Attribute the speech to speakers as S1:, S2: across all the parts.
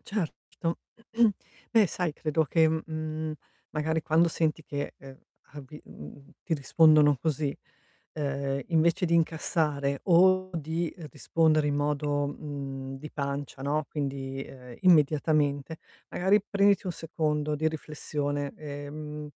S1: Certo. Beh sai, credo che, mhmm, magari quando senti che, ehm, avi mhmm, ti rispondono così, ehm, invece di incassare o di rispondere in modo, mhmm, di pancia, no, quindi, ehm, immediatamente, magari prenditi 1 secondo di riflessione, e, mhmm,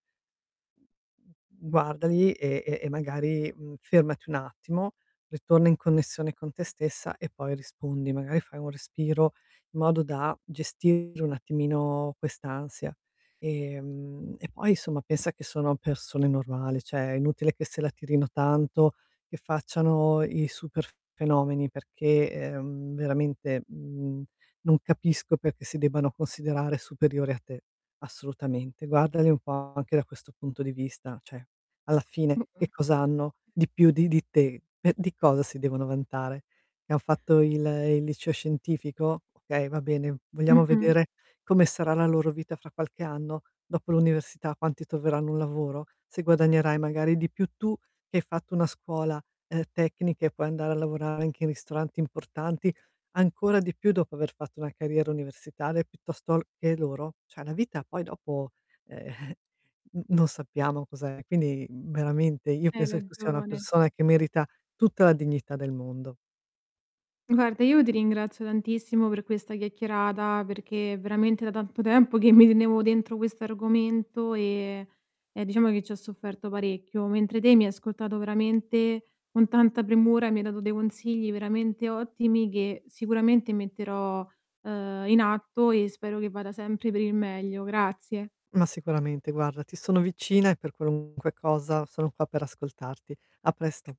S1: guardali e e e magari, mhmm, fermati un attimo, ritorna in connessione con te stessa e poi rispondi. Magari fai un respiro, in modo da gestire un attimino quest'ansia, ehm, e poi insomma pensa che sono persone normali, cioè è inutile che se la tirino tanto, che facciano i super fenomeni perché, ehm, veramente, mhmm, non capisco perché si debbano considerare superiori a te, assolutamente. Guardali un po' anche da questo punto di vista, cioè alla fine
S2: Mh-mh.
S1: che cos'hanno di più di di te? Eh, di cosa si devono vantare? Che han fatto il il liceo scientifico? Okay, va bene, vogliamo
S2: Mh-mh.
S1: vedere come sarà la loro vita fra qualche anno, dopo l'università, quanti troveranno un lavoro? Se guadagnerai magari di più tu, che hai fatto una scuola, ehm, tecnica e puoi andare a lavorare anche in ristoranti importanti, ancora di più dopo aver fatto una carriera universitaria, piuttosto l che loro? Cioè la vita poi dopo, ehm, n non sappiamo cos'è, quindi veramente, io
S2: Hai
S1: penso che tu sia una
S2: ragione.
S1: persona, che merita tutta la dignità del mondo.
S2: Guarda io ti ringrazio tantissimo per questa chiacchierata, perché è veramente da tanto tempo, che mi tenevo dentro questo argomento e e diciamo che ci ho sofferto parecchio, mentre te mi hai ascoltato veramente con tanta premura, mi hai dato dei consigli veramente ottimi, che sicuramente metterò, ehm, in atto e spero che vada sempre per il meglio. Grazie.
S1: Ma sicuramente guarda, ti sono vicina, e per qualunque cosa sono qua per ascoltarti. A presto.